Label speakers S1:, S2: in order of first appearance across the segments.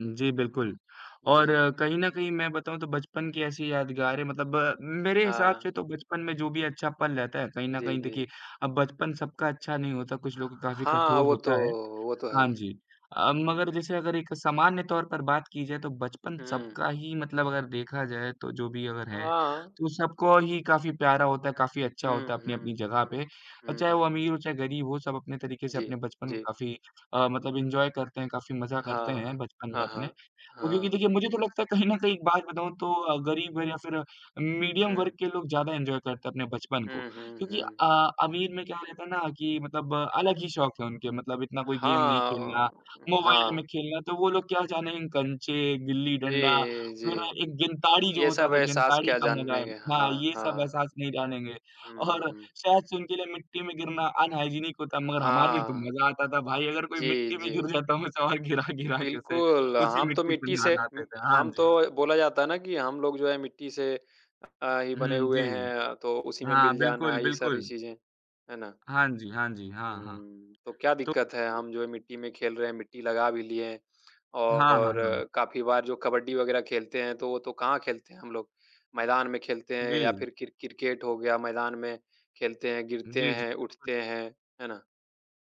S1: उ, जी, बिल्कुल और
S2: जी।
S1: कहीं न कहीं मैं बताऊँ तो बचपन की ऐसी यादगारें मतलब मेरे हिसाब
S2: हाँ।
S1: से तो बचपन में जो भी अच्छा पल रहता है, कहीं न
S2: जी,
S1: कहीं देखिए,
S2: जी।
S1: अब बचपन सबका अच्छा नहीं होता, कुछ लोग का काफ़ी
S2: हाँ,
S1: कठोर
S2: वो तो
S1: होता है।
S2: वो तो है।
S1: हाँ जी अ,
S2: हुँ।
S1: मगर जैसे अगर एक सामान्य तौर पर बात की जाए तो बचपन
S2: हुँ।
S1: सबका ही मतलब अगर देखा जाए, तो जो भी अगर है
S2: हाँ।
S1: तो सबको ही काफ़ी प्यारा होता है, काफ़ी अच्छा होता है
S2: हुँ,
S1: अपनी-अपनी
S2: हुँ,
S1: जगह
S2: हुँ।
S1: पे। अ,
S2: हुँ,
S1: चाहे वो
S2: हुँ।
S1: अमीर हो, चाहे गरीब हो सब अपने तरीके से
S2: जी,
S1: अपने बचपन को
S2: जी।
S1: काफ़ी अ, मतलब एन्जॉय करते हैं काफ़ी मजा करते हैं
S2: हाँ,
S1: बचपन में
S2: हाँ, हाँ,
S1: अपने,
S2: हाँ।
S1: अ क्योंकि
S2: हाँ।
S1: देखिए मुझे तो लगता है कहीं न कहीं एक बात बताऊँ तो गरीब या फिर मीडियम वर्ग
S2: हुँ।
S1: के लोग ज़्यादा एन्जॉय करते हैं अपने बचपन को,
S2: हुँ, हुँ,
S1: क्योंकि
S2: हुँ।
S1: अ, अमीर में क्या रहता है ना कि मतलब अलग ही शौक़ है उनके मतलब इतना कोई गेम नहीं खेलना,
S2: हाँ,
S1: मोबाइल में
S2: हाँ।
S1: खेलना तो वो लोग क्या जानेंगे कँचे, गिल्ली-डंडा,
S2: जी,
S1: फिर
S2: जी।
S1: एक गिंताड़ी जो
S2: ये
S1: होता
S2: सब
S1: था
S2: एहसास
S1: गिंताड़ी
S2: क्या
S1: का मजा,
S2: जानेंगे।
S1: हाँ,
S2: हाँ,
S1: ये सब
S2: हाँ।
S1: एहसास नहीं जानेंगे
S2: हुँ,
S1: और
S2: हुँ।
S1: शायद से उनके लिए मिट्टी में गिरना अनहाइजीनिक होता मगर हमारे लिए तो
S2: हाँ।
S1: मजा आता था भाई अगर कोई
S2: जी,
S1: मिट्टी में
S2: जी।
S1: गिर जाता हम उसे वहाँ गिरा-गिरा के उसे
S2: बिल्कुल,
S1: उसी
S2: हम तो
S1: मिट्टी से
S2: मिट्टी
S1: नहा,
S2: से
S1: नहा आते
S2: उम,
S1: थे। हाँ
S2: हम
S1: जी।
S2: तो बोला जाता है ना कि हम लोग जो है मिट्टी से अ, ही बने
S1: हुँ
S2: हुए
S1: जी।
S2: हैं, तो उसी में
S1: हाँ,
S2: मिल जाना,
S1: बिल्कुल,
S2: ये सारी
S1: बिल्कुल।
S2: चीज़ें। है ना।
S1: हाँ जी, हाँ जी। हाँ, हाँ।
S2: हुँ, तो क्या
S1: तो
S2: दिक्क़त है, हम जो है मिट्टी में खेल रहे हैं, मिट्टी लगा भी लिए
S1: हाँ, हाँ,
S2: और
S1: हाँ।
S2: काफ़ी बार जो कबड्डी वग़ैरह खेलते हैं, तो वो तो कहाँ खेलते हैं हम लोग, मैदान में खेलते हैं या
S1: जी।
S2: फिर क्रि क्रिकेट हो गया, मैदान में खेलते हैं, गिरते
S1: जी, जी।
S2: हैं,
S1: [unintelligible]
S2: उठते हैं। है ना?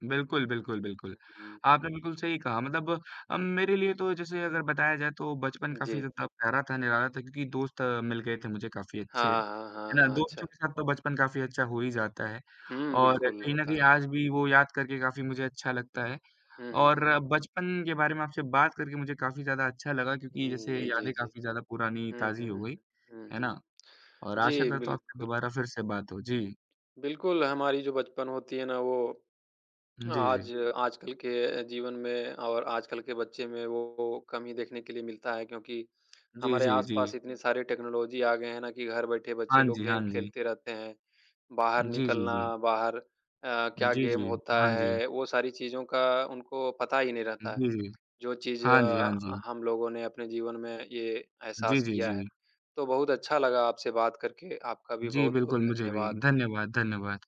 S1: बिल्कुल, बिल्कुल,
S2: उ,
S1: बिल्कुल।
S2: हुँ।
S1: आपने बिल्कुल सही कहा मतलब अ, मेरे लिए तो जैसे अगर बताया जाए तो बचपन काफ़ी
S2: जी।
S1: ज़्यादा प्यारा था, निराला था क्योंकि दोस्त मिल गए थे मुझे काफ़ी अच्छे। है
S2: हाँ, हाँ, हाँ,
S1: ना,
S2: हाँ,
S1: दोस्तों
S2: अच्छा।
S1: के साथ तो बचपन काफ़ी अच्छा हो ही जाता है
S2: हुँ,
S1: और
S2: बिल्कुल
S1: कहीं न
S2: होता
S1: कहीं
S2: है।
S1: आज भी वो याद करके काफ़ी मुझे अच्छा लगता है
S2: हुँ, हुँ,
S1: और
S2: हुँ।
S1: बचपन के बारे में आपसे बात करके मुझे काफ़ी ज़्यादा अच्छा लगा क्योंकि
S2: हुँ,
S1: जैसे
S2: जी, जी,
S1: यादें
S2: जी।
S1: काफ़ी ज़्यादा पुरानी
S2: हुँ,
S1: ताजी
S2: हुँ,
S1: हो गई,
S2: हुँ, हुँ,
S1: है
S2: हुँ।
S1: ना। और आशा
S2: जी,
S1: करता हूँ आपसे
S2: बिल्कुल।
S1: दोबारा फिर से बात हो जी।
S2: बिल्कुल, हमारी जो बचपन होती है ना वो
S1: उ, जी,
S2: आज
S1: जी।
S2: आजकल के जीवन में और आजकल के बच्चे में वो कमी देखने के लिए मिलता है क्योंकि
S1: जी,
S2: हमारे
S1: जी, जी।
S2: आस-पास इतनी सारी टेक्नोलॉज़ी आ गए हैं ना, कि घर बैठे बच्चे
S1: हाँ
S2: लोग
S1: जी, हाँ
S2: गेम
S1: जी।
S2: खेलते रहते हैं। बाहर
S1: जी, जी, जी।
S2: निकलना बाहर अ, क्या
S1: जी,
S2: गेम
S1: जी।
S2: होता
S1: हाँ जी।
S2: है, वो सारी चीज़ों का उनको पता ही नहीं रहता है,
S1: जी, जी।
S2: जो चीज़
S1: हाँ जी, हाँ जी।
S2: हम लोगों ने अपने जीवन में ये
S1: जी,
S2: एहसास
S1: जी,
S2: किया है।
S1: जी।
S2: तो बहुत अच्छा लगा आपसे बात करके, आपका भी
S1: जी,
S2: बहुत-बहुत
S1: बिल्कुल, मुझे भी।
S2: धन्यवाद।
S1: धन्यवाद, धन्यवाद।